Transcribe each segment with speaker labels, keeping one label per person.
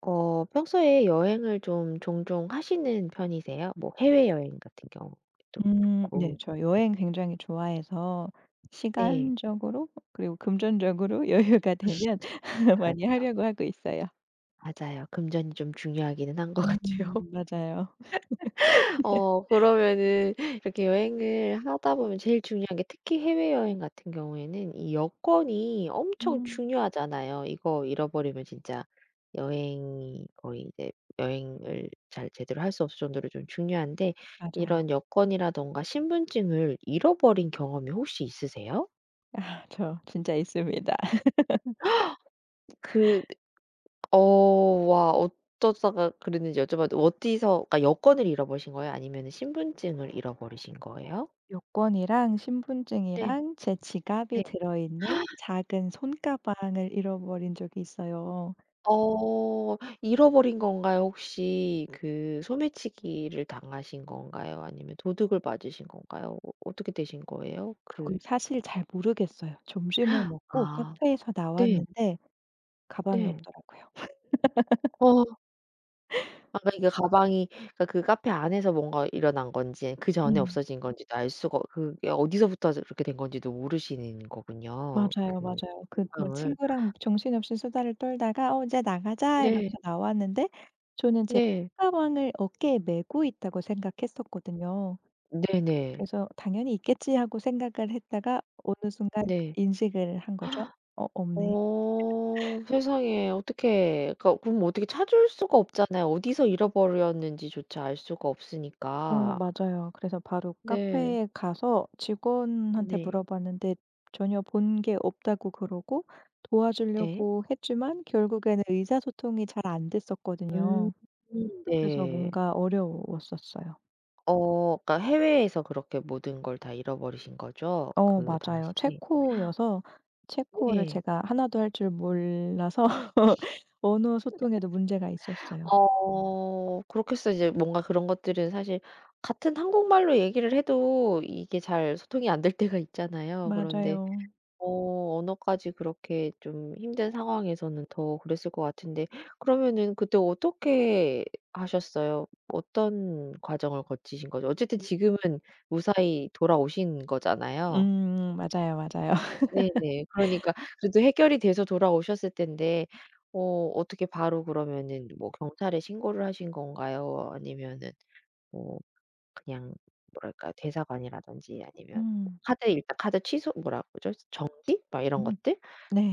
Speaker 1: 어 평소에 여행을 좀 종종 하시는 편이세요? 뭐 해외여행 같은 경우도
Speaker 2: 음. 네.
Speaker 1: 그렇고.
Speaker 2: 저
Speaker 1: 네.
Speaker 2: 여행 굉장히 좋아해서
Speaker 1: 네.
Speaker 2: 시간적으로 그리고 금전적으로 여유가 되면 많이
Speaker 1: 그렇죠.
Speaker 2: 하려고 하고 있어요.
Speaker 1: 맞아요. 금전이 좀 중요하기는 한 거
Speaker 2: 음
Speaker 1: 같아요.
Speaker 2: 맞아요.
Speaker 1: 어 그러면은 이렇게 여행을 하다 보면 제일 중요한 게 특히 해외여행 같은 경우에는 이 여권이 엄청
Speaker 2: 음.
Speaker 1: 중요하잖아요. 이거 잃어버리면 진짜 여행이 거의 이제 여행을 잘 제대로 할 수 없을 정도로 좀 중요한데
Speaker 2: 맞아요.
Speaker 1: 이런 여권이라든가 신분증을 잃어버린 경험이 혹시 있으세요?
Speaker 2: 아 저 진짜 있습니다.
Speaker 1: 그 어 와. 어쩌다가 그랬는지 여쭤 봐도 어디서 그러니까 여권을 잃어버리신 거예요? 아니면은 신분증을 잃어버리신
Speaker 2: 어
Speaker 1: 거예요?
Speaker 2: 여권이랑
Speaker 1: 네.
Speaker 2: 신분증이랑 제 지갑이
Speaker 1: 네.
Speaker 2: 들어있는 작은 손가방을 잃어버린 적이 있어요.
Speaker 1: 어. 잃어버린 건가요? 혹시 그 소매치기를 당하신 건가요? 아니면 도둑을 맞으신 건가요? 어 어떻게 되신 거예요?
Speaker 2: 그걸
Speaker 1: 그
Speaker 2: 사실 잘 모르겠어요. 점심을 먹고
Speaker 1: 아.
Speaker 2: 카페에서
Speaker 1: 네.
Speaker 2: 나왔는데 가방이
Speaker 1: 네.
Speaker 2: 없더라고요.
Speaker 1: 어. 아 그러니까 가방이 그러니까 그 카페 안에서 뭔가 일어난 건지 그 전에
Speaker 2: 음.
Speaker 1: 없어진 건지도 알 수가 그게 어디서부터 저 그렇게 된 건지도 모르시는 거군요
Speaker 2: 맞아요,
Speaker 1: 그
Speaker 2: 맞아요. 그 뭐
Speaker 1: 행방을.
Speaker 2: 친구랑 정신없이 수다를 떨다가 "어 이제 나가자."
Speaker 1: 네.
Speaker 2: 이러면서 나왔는데 저는 제
Speaker 1: 네.
Speaker 2: 손가방을 어깨에 메고 있다고 생각했었거든요.
Speaker 1: 네네.
Speaker 2: 그래서 '당연히 있겠지.' 하고 생각을 했다가 어느 순간
Speaker 1: 네.
Speaker 2: 인식을 한 거죠. '어 없네?'
Speaker 1: 어. 세상에 어떡해. 그러니까 그럼 어떻게 찾을 수가 없잖아요. 어디서 잃어버렸는지조차 알 수가
Speaker 2: 어
Speaker 1: 없으니까.
Speaker 2: 맞아요. 그래서 바로
Speaker 1: 네.
Speaker 2: 카페에 가서 직원한테
Speaker 1: 네.
Speaker 2: 물어봤는데 전혀 본 게 없다고 그러고
Speaker 1: 네.
Speaker 2: 도와주려고 했지만 결국에는 의사소통이 잘 안
Speaker 1: 음.
Speaker 2: 됐었거든요. 그래서
Speaker 1: 네.
Speaker 2: 뭔가 어려웠었어요.
Speaker 1: 어 그러니까 해외에서 그렇게 모든 걸 다 잃어버리신 거죠
Speaker 2: 어
Speaker 1: 그 당시?
Speaker 2: 맞아요. 체코여서 체코어를
Speaker 1: 네.
Speaker 2: 제가 1 도 할 줄 몰라서 언어 소통에도 문제가 있었어요.
Speaker 1: 어 그렇겠어요. 이제 뭔가 그런 것들은 사실 같은 한국말로 얘기를 해도 이게 잘 소통이 안 될 때가 있잖아요. 그런데
Speaker 2: 맞아요.
Speaker 1: 어 언어까지 그렇게 좀 힘든 상황에서는 더 그랬을 것 같은데 그러면은 그때 어떻게 하셨어요? 어떤 과정을 거치신 거죠? 어쨌든 지금은 무사히 돌아오신 거잖아요.
Speaker 2: 음 맞아요, 맞아요.
Speaker 1: 네네. 그러니까 그래도 해결이 돼서 돌아오셨을 텐데. 어 어떻게 바로 그러면은 뭐 경찰에 신고를 하신 건가요? 아니면은 뭐 그냥 뭐랄까요? 대사관이라든지 아니면
Speaker 2: 음.
Speaker 1: 카드 일단 카드 취소 뭐라 그러죠? 정지? 막 이런
Speaker 2: 음.
Speaker 1: 것들?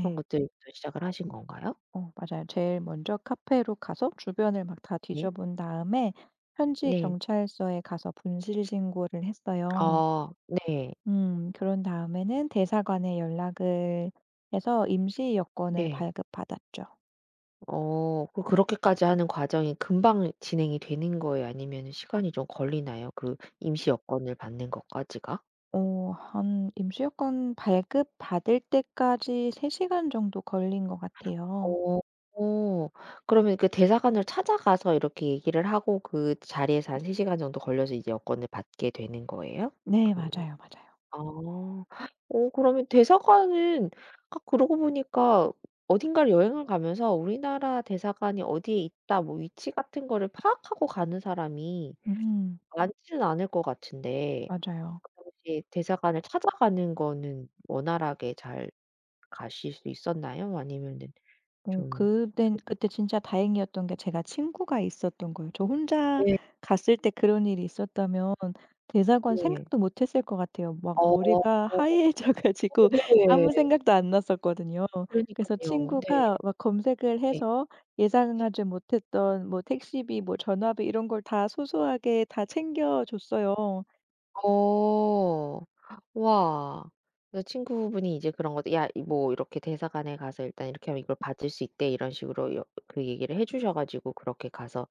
Speaker 1: 그런 것들부터 시작을 하신 건가요?
Speaker 2: 어 맞아요. 제일 먼저 카페로 가서 주변을 막 다
Speaker 1: 예.
Speaker 2: 뒤져본 다음에 현지
Speaker 1: 네.
Speaker 2: 경찰서에 가서 분실 신고를 했어요.
Speaker 1: 아 네.
Speaker 2: 음. 그런 다음에는 대사관에 연락을 해서 임시 여권을
Speaker 1: 네.
Speaker 2: 발급 받았죠.
Speaker 1: 어 그 그렇게까지 하는 과정이 금방 진행이 되는 거예요? 아니면은 시간이 좀 걸리나요? 그 임시 여권을 받는 것까지가?
Speaker 2: 어 한 임시 여권 발급 받을 때까지 3 시간 정도 걸린 것 같아요.
Speaker 1: 어 그러면 그 대사관을 찾아가서 이렇게 얘기를 하고 그 자리에서 한 3 시간 정도 걸려서 이제 여권을 받게 되는 거예요?
Speaker 2: 네
Speaker 1: 그
Speaker 2: 맞아요, 맞아요.
Speaker 1: 아 어 그러면 대사관은 아 그러고 보니까 어딘가를 여행을 가면서 '우리나라 대사관이 어디에 있다.' 뭐 위치 같은 거를 파악하고 가는 사람이
Speaker 2: 음.
Speaker 1: 많지는 않을 것 같은데
Speaker 2: 맞아요.
Speaker 1: 그 당시에 대사관을 찾아가는 거는 원활하게 잘 가실 수 있었나요? 아니면은
Speaker 2: 어
Speaker 1: 좀
Speaker 2: 그땐
Speaker 1: 그
Speaker 2: 그때 진짜 다행이었던 게 제가 친구가 있었던 거예요. 저 혼자
Speaker 1: 네.
Speaker 2: 갔을 때 그런 일이 있었다면 대사관
Speaker 1: 네.
Speaker 2: 생각도 못했을 것 같아요. 막
Speaker 1: 어.
Speaker 2: 머리가
Speaker 1: 어
Speaker 2: 하얘져 가지고 아무
Speaker 1: 네.
Speaker 2: 생각도 안 났었거든요. 그래서
Speaker 1: 그러니깐요. 네.
Speaker 2: 친구가 막 검색을
Speaker 1: 네.
Speaker 2: 해서 예상하지 못했던 뭐 택시비 뭐 전화비 이런 걸 다 소소하게 다 챙겨 줬어요.
Speaker 1: 어. 와. 그 친구분이 이제 그런 거 "야 이 뭐 이렇게 대사관에 가서 일단 이렇게 하면 이걸 받을 수 있대." 이런 식으로 여 그 얘기를 해 주셔 가지고 그렇게 가서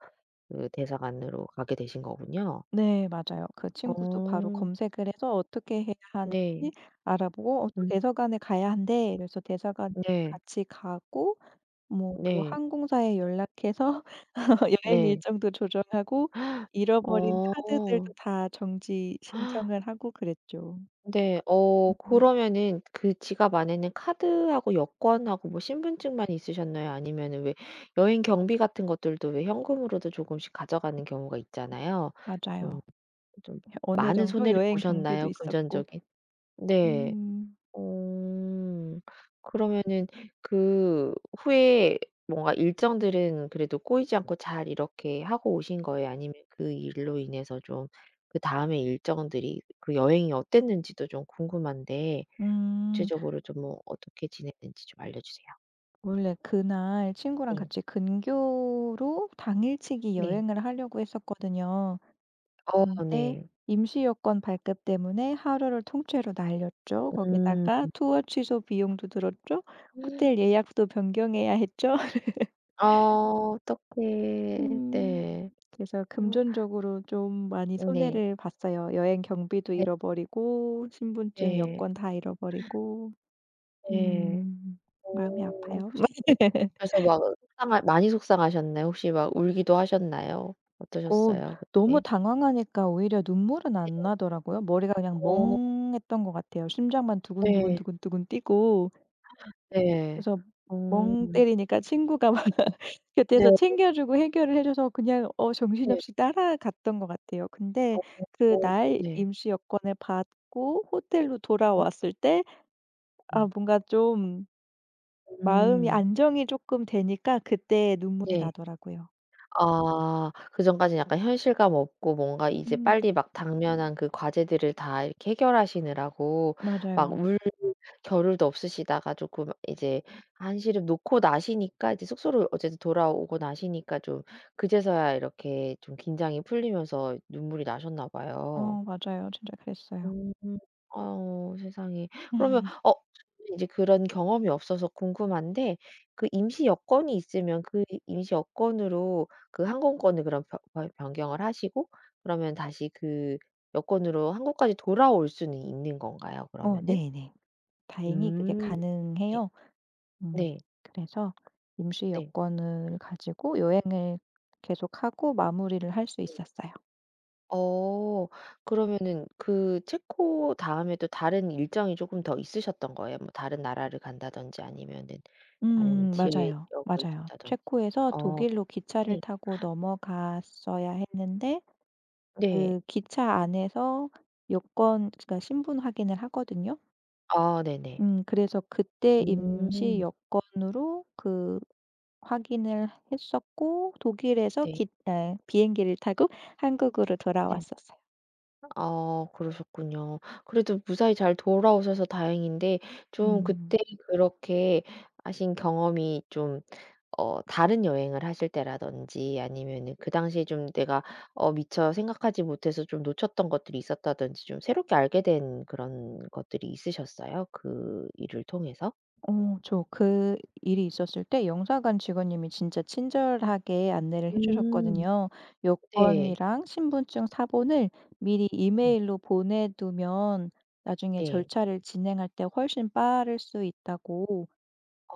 Speaker 1: 그 대사관으로 가게 되신 거군요.
Speaker 2: 네 맞아요. 그 친구도 바로
Speaker 1: 어.
Speaker 2: 검색을 해서 어떻게 해야 하는지
Speaker 1: 네.
Speaker 2: 알아보고 "어 또
Speaker 1: 음.
Speaker 2: 대사관에 가야 한대." 이래서 대사관에
Speaker 1: 네.
Speaker 2: 같이 가고 뭐 또
Speaker 1: 네.
Speaker 2: 항공사에 연락해서 여행
Speaker 1: 네.
Speaker 2: 일정도 조절하고 잃어버린 카드들도
Speaker 1: 어.
Speaker 2: 다 정지 신청을 하고 그랬죠.
Speaker 1: 네. 어
Speaker 2: 음.
Speaker 1: 그러면은 그 지갑 안에는 카드하고 여권하고 뭐 신분증만 있으셨나요? 아니면은 왜 여행 경비 같은 것들도 왜 현금으로도 조금씩 가져가는 경우가 있잖아요.
Speaker 2: 맞아요.
Speaker 1: 좀 좀
Speaker 2: 혀 어느
Speaker 1: 많은
Speaker 2: 정도
Speaker 1: 손해를
Speaker 2: 여행 경비도
Speaker 1: 보셨나요?
Speaker 2: 있었고.
Speaker 1: 금전적인? 네.
Speaker 2: 음.
Speaker 1: 어 그러면은 그 후에 뭔가 일정들은 그래도 꼬이지 않고 잘 이렇게 하고 오신 거예요? 아니면 그 일로 인해서 좀 그다음에 일정들이 그 여행이 어땠는지도 좀 궁금한데
Speaker 2: 음.
Speaker 1: 구체적으로 좀 뭐 어떻게 지냈는지 좀 알려 주세요.
Speaker 2: 원래 그날 친구랑
Speaker 1: 네.
Speaker 2: 같이 근교로 당일치기
Speaker 1: 네.
Speaker 2: 여행을 하려고 했었거든요.
Speaker 1: 어
Speaker 2: 근데
Speaker 1: 네.
Speaker 2: 임시 여권 발급 때문에 하루를 통째로 날렸죠.
Speaker 1: 음.
Speaker 2: 거기다가 투어 취소 비용도 들었죠. 호텔
Speaker 1: 음.
Speaker 2: 예약도 변경해야 했죠.
Speaker 1: 어 어떡해.
Speaker 2: 음
Speaker 1: 네.
Speaker 2: 그래서
Speaker 1: [unintelligible]
Speaker 2: 금전적으로 좀 많이
Speaker 1: 응 네.
Speaker 2: 손해를 봤어요. 여행 경비도
Speaker 1: 네.
Speaker 2: 잃어버리고 신분증,
Speaker 1: 네.
Speaker 2: 여권 다 잃어버리고
Speaker 1: 네.
Speaker 2: 음 마음이
Speaker 1: 어
Speaker 2: 아파요.
Speaker 1: 그래서 막 속상하 많이 속상하셨나요? 혹시 막 울기도 하셨나요?
Speaker 2: 어
Speaker 1: 어떠셨어요?
Speaker 2: 너무
Speaker 1: 그때?
Speaker 2: 당황하니까 오히려 눈물은
Speaker 1: 네.
Speaker 2: 안 나더라고요. 머리가 그냥
Speaker 1: 어.
Speaker 2: 멍했던 것 같아요. 심장만 두근두근
Speaker 1: 네.
Speaker 2: 두근두근 뛰고.
Speaker 1: 네.
Speaker 2: 그래서
Speaker 1: 어.
Speaker 2: 멍 때리니까 친구가 막
Speaker 1: 네.
Speaker 2: 곁에서
Speaker 1: [unintelligible]
Speaker 2: 챙겨주고 해결을 해줘서 그냥 어
Speaker 1: 네.
Speaker 2: 정신없이 따라갔던 것 같아요. 근데
Speaker 1: [unintelligible]
Speaker 2: 그날
Speaker 1: 네.
Speaker 2: 임시 여권을 받고 호텔로
Speaker 1: 네.
Speaker 2: 돌아왔을 때 아
Speaker 1: 음.
Speaker 2: 뭔가 좀 마음이
Speaker 1: 음.
Speaker 2: 안정이 쪼끔 되니까 그때 눈물이
Speaker 1: 네.
Speaker 2: 나더라고요.
Speaker 1: 아 그전까지는 약간 현실감 없고 뭔가 이제
Speaker 2: 음.
Speaker 1: 빨리 막 당면한 그 과제들을 다 이렇게 해결 하시느라고 막
Speaker 2: 맞아요.
Speaker 1: 울 겨를도 없으시다가 쪼끔 이제 한시름 놓고 나시니까 이제 숙소로 어쨌든 돌아오고 나시니까 좀 그제서야 이렇게 좀 긴장이 풀리면서 눈물이 나셨나 봐요.
Speaker 2: 어 맞아요. 진짜 그랬어요.
Speaker 1: 음 어유 세상에. 그러면 어 [unintelligible] 인제 그런 경험이 없어서 궁금한데 그 임시 여권이 있으면 그 임시 여권으로 그 항공권을 그럼 변 변 변경을 하시고 그러면 다시 그 여권으로 한국까지 돌아올 수는 있는 건가요?
Speaker 2: 어
Speaker 1: 그러면은?
Speaker 2: 네네. 다행히 그게
Speaker 1: 음 예.
Speaker 2: 가능해요. 음
Speaker 1: 네.
Speaker 2: 그래서 임시
Speaker 1: 네.
Speaker 2: 여권을 가지고 여행을 계속 하고 마무리를 할 수
Speaker 1: 네.
Speaker 2: 있었어요.
Speaker 1: 어 그러면은 그 체코 다음에도 다른 일정이 쪼금 더 있으셨던 거예요? 뭐 다른 나라를 간다든지 아니면은 다른
Speaker 2: 음 맞아요.
Speaker 1: 지역을
Speaker 2: 맞아요.
Speaker 1: 돈다든지.
Speaker 2: 체코에서
Speaker 1: 어
Speaker 2: 독일로 기차를
Speaker 1: 네.
Speaker 2: 타고 넘어갔어야 했는데
Speaker 1: 네.
Speaker 2: 그 기차 안에서 여권 그니까 신분 확인을 하거든요.
Speaker 1: 아 네네.
Speaker 2: 음 그래서 그때 임시
Speaker 1: 음.
Speaker 2: 여권으로 그 확인을 했었고 독일에서
Speaker 1: 네.
Speaker 2: 깃 네 비행기를 타고 한국으로
Speaker 1: 네.
Speaker 2: 돌아왔었어요.
Speaker 1: 아 그러셨군요. 그래도 무사히 잘 돌아오셔서 다행인데 좀
Speaker 2: 음.
Speaker 1: 그때 그렇게 하신 경험이 좀 어 다른 여행을 하실 때라든지 아니면은 그 당시에 좀 내가 어 미처 생각하지 못해서 좀 놓쳤던 것들이 있었다든지 좀 새롭게 알게된 그런 것들이 있으셨어요 그 일을 통해서?
Speaker 2: 어 저 그 일이 있었을 때 영사관 직원님이 진짜 친절하게 안내를 해
Speaker 1: 음.
Speaker 2: 주셨거든요.
Speaker 1: 네.
Speaker 2: 여권이랑 신분증 사본을 미리
Speaker 1: 네.
Speaker 2: 이메일로 보내 두면 나중에
Speaker 1: 네.
Speaker 2: 절차를 진행할 때 훨씬 빠를 수 있다고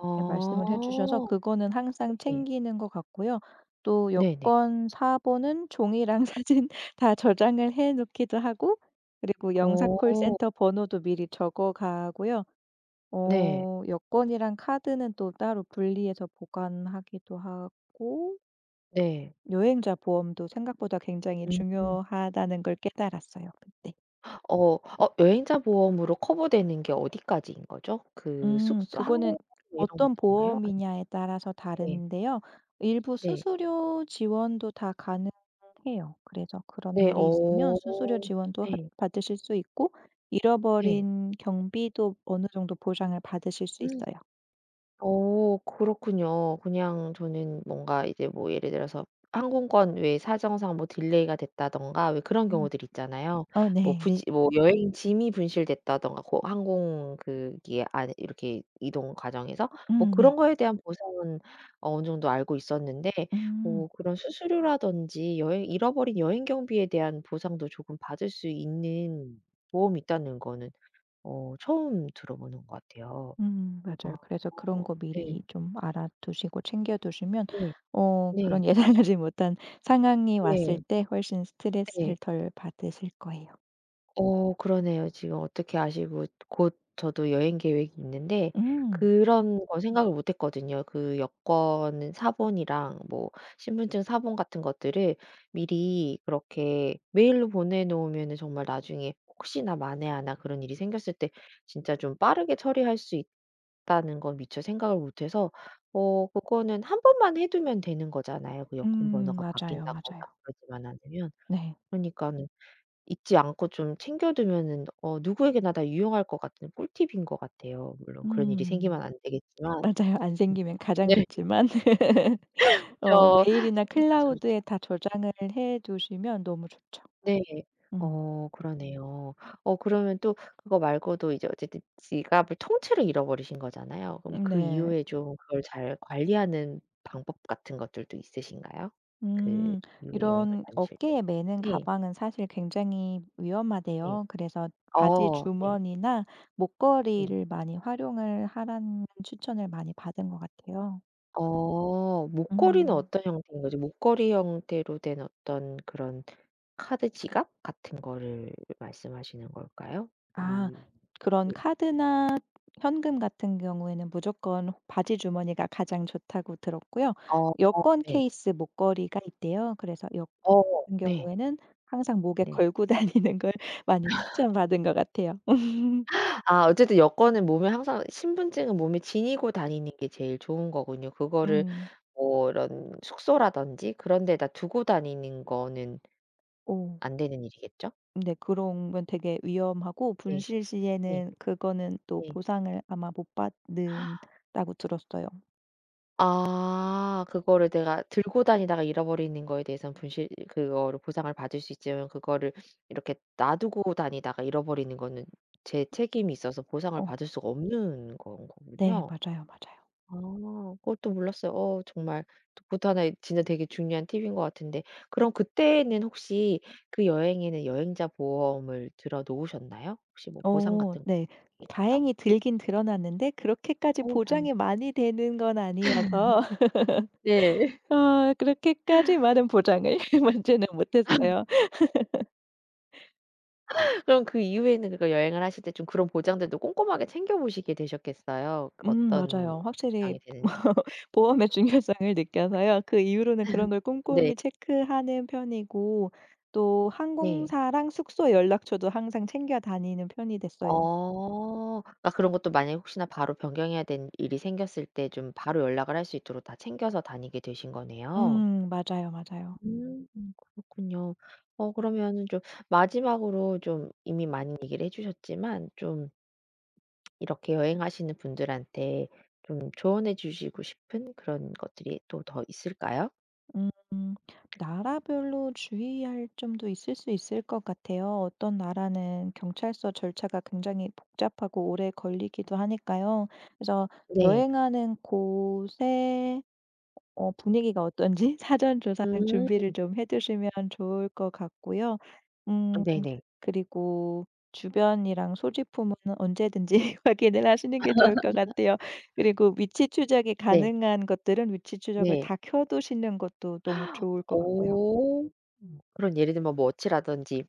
Speaker 2: 그렇게 말씀을 해 주셔서 그거는 항상
Speaker 1: 네.
Speaker 2: 챙기는 것 같고요. 또
Speaker 1: 네네.
Speaker 2: 여권 사본은 종이랑 사진 다 저장을 해 놓기도 하고 그리고 영사
Speaker 1: 어.
Speaker 2: 콜센터 번호도 미리 적어 가고요.
Speaker 1: 네.
Speaker 2: 어 여권이랑 카드는 또 따로 분리해서 보관하기도 하고
Speaker 1: 네.
Speaker 2: 여행자 보험도 생각보다 굉장히
Speaker 1: 음 음.
Speaker 2: 중요하다는 걸 깨달았어요 그때.
Speaker 1: 어. 어 여행자 보험으로 커버되는 게 어디까지 인거죠? 그
Speaker 2: 음
Speaker 1: 숙소,
Speaker 2: 그거는
Speaker 1: 항공 이런
Speaker 2: 어떤
Speaker 1: 것들인가요? 아니면
Speaker 2: 보험이냐에 따라서
Speaker 1: 네.
Speaker 2: 다른데요 일부
Speaker 1: 네.
Speaker 2: 수수료 지원도 다 가능해요. 그래서 그런
Speaker 1: 네.
Speaker 2: 일이 있으면 수수료
Speaker 1: 어
Speaker 2: 지원도 핫
Speaker 1: 네.
Speaker 2: 받으실 수 있고
Speaker 1: 네.
Speaker 2: 잃어버린 경비도 어느정도 보상을 받으실 수 있어요.
Speaker 1: 어 그렇군요. 그냥 저는 뭔가 이제 뭐 예를 들어서 항공권 외에 사정상 뭐 딜레이가 됐다든가 왜 그런
Speaker 2: 음.
Speaker 1: 경우들 있잖아요.
Speaker 2: 어
Speaker 1: 뭐
Speaker 2: 네.
Speaker 1: 분시 뭐 여행 짐이 분실됐다든가 고 항공 그 기 안에 이렇게 이동 과정에서 뭐
Speaker 2: 음 네.
Speaker 1: 그런 거에 대한 보상은 어느 정도 알고 있었는데
Speaker 2: 음.
Speaker 1: 뭐 그런 수수료라든지 여행 잃어버린 여행 경비에 대한 보상도 조금 받을 수 있는 보험이 있다는 거는 어 처음 들어보는 것 같아요.
Speaker 2: 음 맞아요.
Speaker 1: 아
Speaker 2: 그래서 그런 거
Speaker 1: 네.
Speaker 2: 미리 좀 알아 두시고 챙겨 두시면
Speaker 1: 네.
Speaker 2: 어
Speaker 1: 네.
Speaker 2: 그런 예상하지 못한 상황이 왔을
Speaker 1: 네.
Speaker 2: 때 훨씬
Speaker 1: 네.
Speaker 2: 스트레스를 덜 받으실 거예요.
Speaker 1: 어 그러네요. 지금 어떻게 아시고 곧 저도 여행 계획이 있는데
Speaker 2: 음.
Speaker 1: 그런 거 생각을 못 했거든요. 그 여권 사본이랑 뭐 신분증 사본 같은 것들을 미리 그렇게 메일로 보내 놓으면은 정말 나중에 혹시나 만에 하나 그런 일이 생겼을 때 진짜 좀 빠르게 처리할 수 있다는 건 미처 생각을 못 해서 어 그거는 1 번만 해 두면 되는 거잖아요 그
Speaker 2: 음
Speaker 1: 여권번호가
Speaker 2: 맞아요,
Speaker 1: 바뀐다거나
Speaker 2: 맞아요.
Speaker 1: 그러지만 않으면.
Speaker 2: 네.
Speaker 1: 그러니까는 잊지 않고 좀 챙겨 두면은 어 누구에게나 다 유용할 것 같은 꿀팁인 것 같아요. 물론 그런 일이
Speaker 2: 음.
Speaker 1: 생기면 안 되겠지만 음
Speaker 2: 맞아요. 안 생기면 가장
Speaker 1: 네.
Speaker 2: 좋지만 어
Speaker 1: 그쵸.
Speaker 2: 메일이나 클라우드에
Speaker 1: [unintelligible]
Speaker 2: 다 저장을 해 두시면 너무 좋죠.
Speaker 1: 네.
Speaker 2: 음.
Speaker 1: 어 그러네요. 어 그러면 또 그거 말고도 이제 어쨌든 지갑을 통째로 잃어버리신 거잖아요. 그럼
Speaker 2: 음
Speaker 1: 그
Speaker 2: 네.
Speaker 1: 이후에 좀 그걸 잘 관리하는 방법 같은 것들도 있으신가요 그
Speaker 2: 음.
Speaker 1: 이후에 여행을
Speaker 2: 이런
Speaker 1: 다니실 때?
Speaker 2: 어깨에 메는
Speaker 1: 네.
Speaker 2: 가방은 사실 굉장히
Speaker 1: 네.
Speaker 2: 위험하대요. 그래서 바지
Speaker 1: 어 네.
Speaker 2: 주머니나
Speaker 1: 네.
Speaker 2: 목걸이를 많이 활용을 하라는 추천을 많이 받은 것 같아요.
Speaker 1: 어 목걸이는
Speaker 2: 음.
Speaker 1: 어떤 형태인 거죠? 목걸이 형태로 된 어떤 그런 카드 지갑 같은 거를 말씀하시는 걸까요?
Speaker 2: 아,
Speaker 1: 음.
Speaker 2: 그런
Speaker 1: 음.
Speaker 2: 카드나 현금 같은 경우에는 무조건 바지 주머니가 가장 좋다고 들었고요
Speaker 1: 어어
Speaker 2: 여권
Speaker 1: 네.
Speaker 2: 케이스 목걸이가 있대요. 그래서 여
Speaker 1: 어
Speaker 2: 은
Speaker 1: 네.
Speaker 2: 경우에는 항상 목에
Speaker 1: 네.
Speaker 2: 걸고 다니는 걸 많이 추천받은 것 같아요.
Speaker 1: 아 어쨌든 여권은 몸에 항상 신분증은 몸에 지니고 다니는 게 제일 좋은 거군요. 그거를
Speaker 2: 음.
Speaker 1: 뭐 이런 숙소라든지 그런 데다 두고 다니는 거는
Speaker 2: 오.
Speaker 1: 안 되는 일이겠죠?
Speaker 2: 네 그러면 되게 위험하고
Speaker 1: 네.
Speaker 2: 분실
Speaker 1: 네.
Speaker 2: 시에는 그거는 또
Speaker 1: 네.
Speaker 2: 보상을 아마 못 받는다고 들었어요.
Speaker 1: 아 그거를 내가 들고 다니다가 잃어버리는 거에 대해서는 분실 그거를 보상을 받을 수 있지만 그거를 이렇게 놔두고 다니다가 잃어버리는 거는 제 책임이 있어서 보상을
Speaker 2: 어.
Speaker 1: 받을 수가 없는 건
Speaker 2: 네
Speaker 1: 거군요.
Speaker 2: 맞아요, 맞아요.
Speaker 1: 아 그것도 몰랐어요. 어 정말 그것도 1 의 진짜 되게 중요한 팁인 거 같은데 그럼 그때는 혹시 그 여행에는 여행자 보험을 들어 놓으셨나요? 혹시 뭐 보상
Speaker 2: 어
Speaker 1: 같은 거
Speaker 2: 네.
Speaker 1: [unintelligible]
Speaker 2: 다행히 들기는 들어놨는데 그렇게까지
Speaker 1: 어 다행
Speaker 2: 보장이 많이 되는 건 아니어서
Speaker 1: 네.
Speaker 2: 어 그렇게까지 많은 보장을 받지는 못했어요.
Speaker 1: 그럼 그 이후에는 그거 여행을 하실 때 좀 그런 보장들도 꼼꼼하게 챙겨보시게 되셨겠어요.
Speaker 2: 음
Speaker 1: 어떤
Speaker 2: 맞아요. 확실히
Speaker 1: 보장이 되는지를.
Speaker 2: 보험의 중요성을 느껴서요. 그 이후로는 그런 걸
Speaker 1: 네.
Speaker 2: 꼼꼼히 체크하는 편이고 또
Speaker 1: 네.
Speaker 2: 항공사랑 숙소 연락처도 항상 챙겨 다니는 편이 됐어요.
Speaker 1: 어 그러니까 그런 것도 만약에 혹시나 바로 변경해야 되는 일이 생겼을 때 좀 바로 연락을 할 수 있도록 다 챙겨서 다니게 되신 거네요.
Speaker 2: 음. 맞아요, 맞아요.
Speaker 1: 음 그렇군요. 어 그러면은 좀 마지막으로 좀 이미 많이 얘기를 해 주셨지만 좀 이렇게 여행하시는 분들한테 좀 조언해 주시고 싶은 그런 것들이 또 더 있을까요?
Speaker 2: 음. 나라별로 주의할 점도 있을 수 있을 것 같아요. 어떤 나라는 경찰서 절차가 굉장히 복잡하고 오래 걸리기도 하니까요. 그래서
Speaker 1: 네.
Speaker 2: 여행하는 곳에 어 분위기가 어떤지 사전 조사랑 준비를
Speaker 1: 음.
Speaker 2: 좀 해 두시면 좋을 것 같고요. 음
Speaker 1: 아네네.
Speaker 2: 그리고 주변이랑 소지품은 언제든지 확인을 하시는 게 좋을 것 같아요. 그리고 위치 추적이
Speaker 1: 네.
Speaker 2: 가능한 것들은 위치 추적을
Speaker 1: 네.
Speaker 2: 다 켜 두시는 것도 너무 좋을 것 같고요.
Speaker 1: 오 음 그런 예를 들면 뭐 워치라든지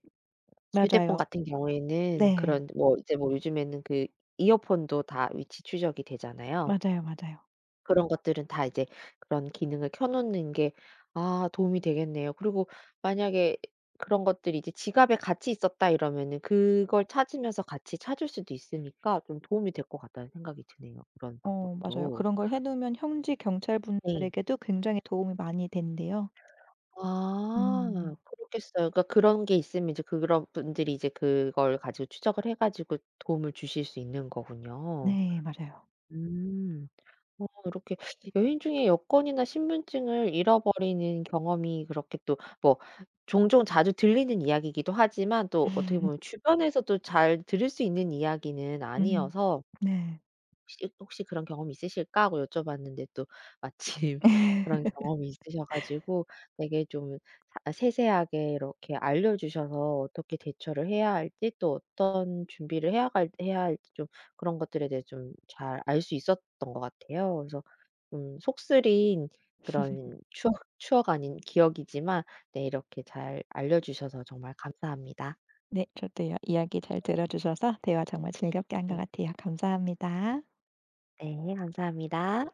Speaker 1: 휴대폰
Speaker 2: 맞아요.
Speaker 1: 같은 경우에는
Speaker 2: 네.
Speaker 1: 그런 뭐 이제 뭐 요즘에는 그 이어폰도 다 위치 추적이 되잖아요.
Speaker 2: 맞아요, 맞아요.
Speaker 1: 그런 것들은 다 이제 그런 기능을 켜 놓는 게 아 도움이 되겠네요. 그리고 만약에 그런 것들이 이제 '지갑에 같이 있었다.' 이러면은 그걸 찾으면서 같이 찾을 수도 있으니까 좀 도움이 될 것 같다는 생각이 드네요 그런
Speaker 2: 어 맞아요.
Speaker 1: 방법도.
Speaker 2: 그런 걸 해 놓으면 현지
Speaker 1: 네.
Speaker 2: 경찰분들에게도 굉장히 도움이 많이 된대요.
Speaker 1: 아.
Speaker 2: 음.
Speaker 1: 그렇겠어요. 그 그런 게 있으면 이제 그런 분들이 이제 그걸 가지고 추적을 해 가지고 도움을 주실 수 있는 거군요.
Speaker 2: 네. 맞아요.
Speaker 1: 음 뭐 이렇게 여행 중에 여권이나 신분증을 잃어버리는 경험이 그렇게 또 뭐 종종 자주 들리는 이야기이기도 하지만 또 어떻게 보면 주변에서도 잘 들을 수 있는 이야기는
Speaker 2: 음
Speaker 1: 아니어서
Speaker 2: 네.
Speaker 1: '혹시 혹시 그런 경험이 있으실까?' 하고 여쭤봤는데 또 마침 그런 경험이 있으셔 가지고 되게 좀 아 세세하게 이렇게 알려 주셔서 어떻게 대처를 해야 할지 또 어떤 준비를 해야 갈 해야 할지 좀 그런 것들에 대해 좀 잘 알 수 있었던 것 같아요. 그래서 음 속쓰린 그런 추억 추억 아닌 기억이지만 네 이렇게 잘 알려 주셔서 정말 감사합니다.
Speaker 2: 네. 저도요. 이야기 잘
Speaker 1: 네.
Speaker 2: 들어 주셔서 대화 정말 즐겁게 한 것
Speaker 1: 네.
Speaker 2: 같아요. 감사합니다.
Speaker 1: 네. 감사합니다.